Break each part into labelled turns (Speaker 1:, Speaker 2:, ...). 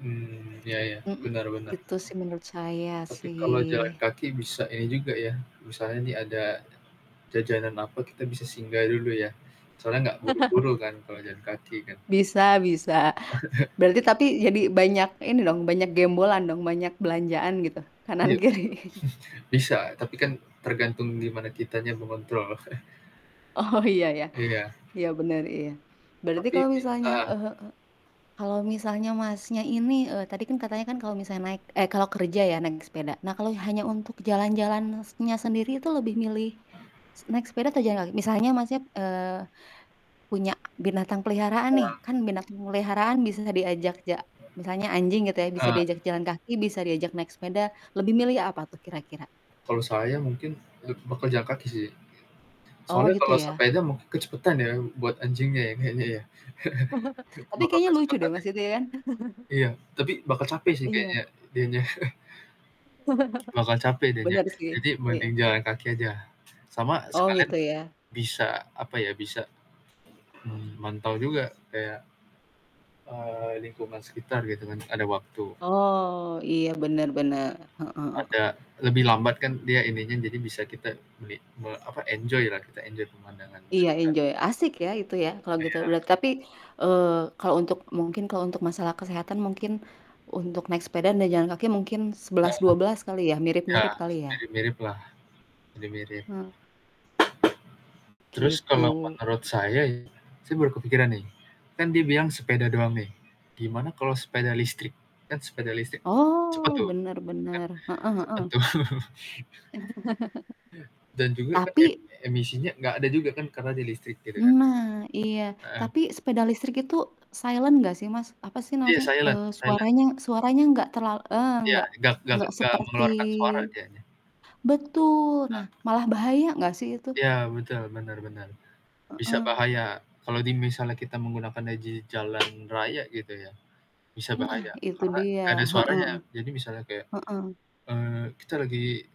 Speaker 1: Mmm, iya
Speaker 2: [unintelligible]
Speaker 1: iya,
Speaker 2: Mhm.
Speaker 1: benar benar.
Speaker 2: Gitu, sih menurut saya,
Speaker 1: Tapi kalau jalan
Speaker 2: sih.
Speaker 1: kaki bisa ini juga, ya, misalnya ini ada jajanan apa kita bisa singgah dulu, ya. Soalnya nggak buru-buru kan kalau jalan kaki kan?
Speaker 2: Bisa bisa. Berarti, tapi jadi banyak ini dong, banyak gembolan dong, banyak belanjaan gitu?
Speaker 1: Iya.
Speaker 2: Kanan-kiri.
Speaker 1: Bisa, tapi kan tergantung gimana kitanya mengontrol.
Speaker 2: Oh, iya iya,
Speaker 1: Iya.
Speaker 2: iya, bener, iya. Berarti
Speaker 1: Tapi
Speaker 2: kalo
Speaker 1: pi
Speaker 2: misalnya
Speaker 1: eee.
Speaker 2: eee, kalo misalnya Masnya ini, eee, tadi kan katanya kan kalo misalnya naik eh kalo kerja ya naik sepeda. Nah, kalo hanya untuk jalan-jalannya sendiri itu lebih milih naik sepeda atau jalan kaki? Misalnya Masnya, eee, punya binatang peliharaan nih,
Speaker 1: Uang.
Speaker 2: kan binatang peliharaan bisa diajak ja misalnya anjing gitu ya, bisa
Speaker 1: Eee.
Speaker 2: diajak jalan kaki, bisa diajak naik sepeda. Lebih milih apa tuh kira-kira?
Speaker 1: Kalau saya mungkin leb bakal jalan kaki, sih.
Speaker 2: Oh,
Speaker 1: Soalnya
Speaker 2: gitu,
Speaker 1: kalau
Speaker 2: ya?
Speaker 1: sepeda mungkin kecepetan ya buat anjingnya ya kayaknya, ya.
Speaker 2: Tapi
Speaker 1: Bakal
Speaker 2: kayaknya lucu deh,
Speaker 1: kecepetan, ya?
Speaker 2: Mas itu ya, kan.
Speaker 1: Iya, tapi bakal capek, sih kayaknya
Speaker 2: Iya.
Speaker 1: dianya. Bakal capek dianya.
Speaker 2: Benar sih,
Speaker 1: Jadi,
Speaker 2: iya.
Speaker 1: mending jalan kaki aja, sama
Speaker 2: Oh
Speaker 1: sekalian,
Speaker 2: gitu, ya?
Speaker 1: bisa apa ya, bisa, mmm, mantau juga kayak eee, lingkungan sekitar gitu, kan, ada waktu.
Speaker 2: Oh, iya, bener bener, heeh heeh.
Speaker 1: Ada, lebih lambat, kan, dia ininya jadi bisa kita beli me apa enjoy-lah kita enjoy pemandangan
Speaker 2: Iya,
Speaker 1: sekitar.
Speaker 2: enjoy, asik, ya itu, ya, kalo gitu.
Speaker 1: Iya.
Speaker 2: Berart tapi, eee, kalo untuk mungkin kalo untuk masalah kesehatan mungkin untuk naik sepeda dan jalan kaki mungkin sebelas
Speaker 1: Heeh.
Speaker 2: dua belas kali ya
Speaker 1: Ya,
Speaker 2: mirip-mirip kali, ya?
Speaker 1: mirip-miriplah. Mirip-mirip.
Speaker 2: Hmm.
Speaker 1: Terus kalau
Speaker 2: Gitu.
Speaker 1: menurut saya ya, saya baru kepikiran, nih, kan dia bilang sepeda doang nih, gimana kalau
Speaker 2: Mhm.
Speaker 1: sepeda listrik, kan sepeda listrik cepat
Speaker 2: Oh,
Speaker 1: tuh,
Speaker 2: bener
Speaker 1: kan
Speaker 2: bener, heeh
Speaker 1: cepet
Speaker 2: heeh.
Speaker 1: tuh. Iya, dan juga, kan em
Speaker 2: Tapi
Speaker 1: emisinya nggak ada juga kan karena dia listrik gitu, kan.
Speaker 2: Nah, iya,
Speaker 1: Heeh.
Speaker 2: tapi sepeda listrik itu silent nggak sih, Mas? Apa sih na
Speaker 1: Iya
Speaker 2: maksudnya,
Speaker 1: silent
Speaker 2: eee,
Speaker 1: silent.
Speaker 2: suaranya suaranya nggak terlal eee,
Speaker 1: Iya,
Speaker 2: nggak
Speaker 1: nggak nggak
Speaker 2: nggak
Speaker 1: nggak
Speaker 2: seperti
Speaker 1: mengeluarkan suara, dianya.
Speaker 2: betul, nah,
Speaker 1: Heeh.
Speaker 2: malah bahaya nggak sih itu?
Speaker 1: Ya, betul, benar benar. Bisa
Speaker 2: Heeh.
Speaker 1: bahaya, kalau di misalnya kita menggunakannya di jalan raya gitu, ya, bisa
Speaker 2: Nah,
Speaker 1: bahaya,
Speaker 2: itu
Speaker 1: karena
Speaker 2: dia,
Speaker 1: nggak ada
Speaker 2: heeh
Speaker 1: suaranya.
Speaker 2: heeh.
Speaker 1: Jadi misalnya kayak,
Speaker 2: Heeh.
Speaker 1: eee, kita lagi,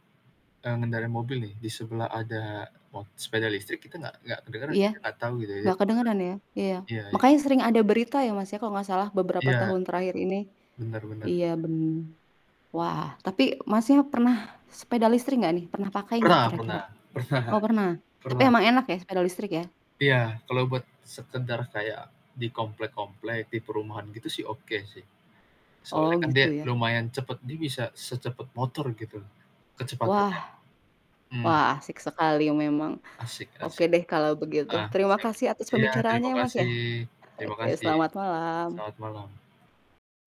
Speaker 1: eee, ngendarai mobil nih, di sebelah ada mot sepeda listrik kita nggak nggak kedengeran,
Speaker 2: Iya.
Speaker 1: nggak tahu gitu ya dia
Speaker 2: Nggak
Speaker 1: di
Speaker 2: kedengeran ya? Iya,
Speaker 1: mana. Iya e
Speaker 2: makanya sering ada berita, ya, Mas, ya kalau nggak salah beberapa
Speaker 1: Iya.
Speaker 2: tahun terakhir ini.
Speaker 1: Benar benar.
Speaker 2: Iya, bener. Wah, tapi Masnya pernah sepeda listrik nggak, nih? Pernah pakai nggak
Speaker 1: Pernah
Speaker 2: kira-kira?
Speaker 1: pernah pernah,
Speaker 2: Oh, pernah, tapi
Speaker 1: pernah.
Speaker 2: emang enak, ya sepeda listrik, ya?
Speaker 1: Iya, kalau buat sekedar kayak di komplek-komplek, di perumahan gitu, sih, oke, sih.
Speaker 2: Oh,
Speaker 1: Soalnya, kan,
Speaker 2: gitu,
Speaker 1: dia
Speaker 2: ya?
Speaker 1: lumayan cepet. Dia bisa secepat motor gitu,
Speaker 2: Wah,
Speaker 1: kecepatannya. Mmm.
Speaker 2: wah asik sekali memang.
Speaker 1: Asik
Speaker 2: Oke,
Speaker 1: asik.
Speaker 2: deh kalo begitu.
Speaker 1: Ah,
Speaker 2: Terima
Speaker 1: siap,
Speaker 2: kasih atas
Speaker 1: iya, terima
Speaker 2: pembicaraanya ya, Mas, ya.
Speaker 1: kasih terima
Speaker 2: Oke,
Speaker 1: kasih,
Speaker 2: selamat malam.
Speaker 1: selamat malam.